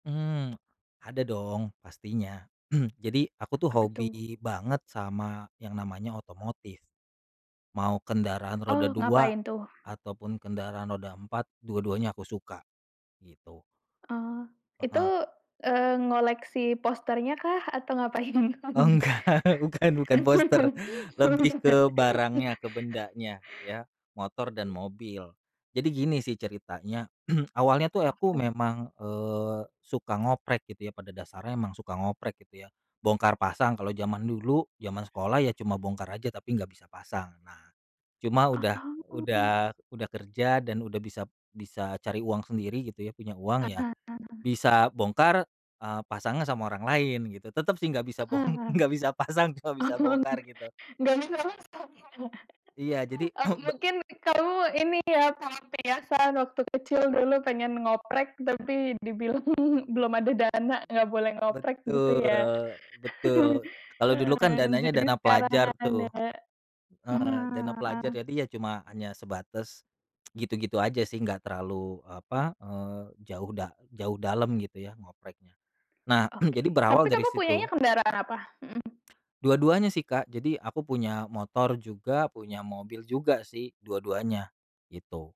Hmm, ada dong, pastinya. Jadi, aku tuh, Apa hobi tuh? banget sama yang namanya otomotif. Mau kendaraan roda Oh, 2 ngapain tuh? ataupun kendaraan roda 4, dua-duanya aku suka, gitu. Oh, itu, Heeh. eee, ngoleksi posternya kah, atau ngapain doang Oh, nih? enggak, bukan, bukan poster. Lebih ke barangnya, [unintelligible] ke bendanya, ya, motor dan mobil. Jadi gini sih, ceritanya, awalnya tuh, aku [unintelligible] memang, e suka ngoprek gitu ya, pada dasarnya emang suka ngoprek, gitu ya. Bongkar pasang kalau jaman dulu jaman sekolah ya, cuma bongkar aja tapi enggak bisa pasang. Nah, cuma Ah, udah oh. udah udah kerja dan udah bisap bisa cari uang sendiri, gitu ya, punya uang ya, Heeh, heeh. bisa bongkar, eee, pasangnya sama orang lain, gitu. Tetep sih, enggak bisa bong Heeh. enggak bisa pasang, cuma bisa Oh. bongkar gitu. Enggak bisa masang ya. Iya, jadi Oh, ba mungkin kamu ini ya sangat terbiasa sewaktu kecil dulu pengen ngoprek tapi dibilang belum ada dana, enggak boleh ngoprek gitu Betul, ya. betul. Kalau dulu kan, Eee, dananya jadi dana sekarang pelajar tuh. ada mhm, Heeh, dana pelajar, ah. jadi ya cuma hanya sebatas gitu-gitu aja sih, enggak terlalu, apa, eee, jauh da jauh dalam, gitu ya, ngopreknya. Nah, Oke, jadi berawal tapi dari kamu punyanya situ. kendaraan apa? Mhm. Dua-duanya sih, Kak, jadi aku punya motor juga punya mobil juga sih dua-duanya, gitu.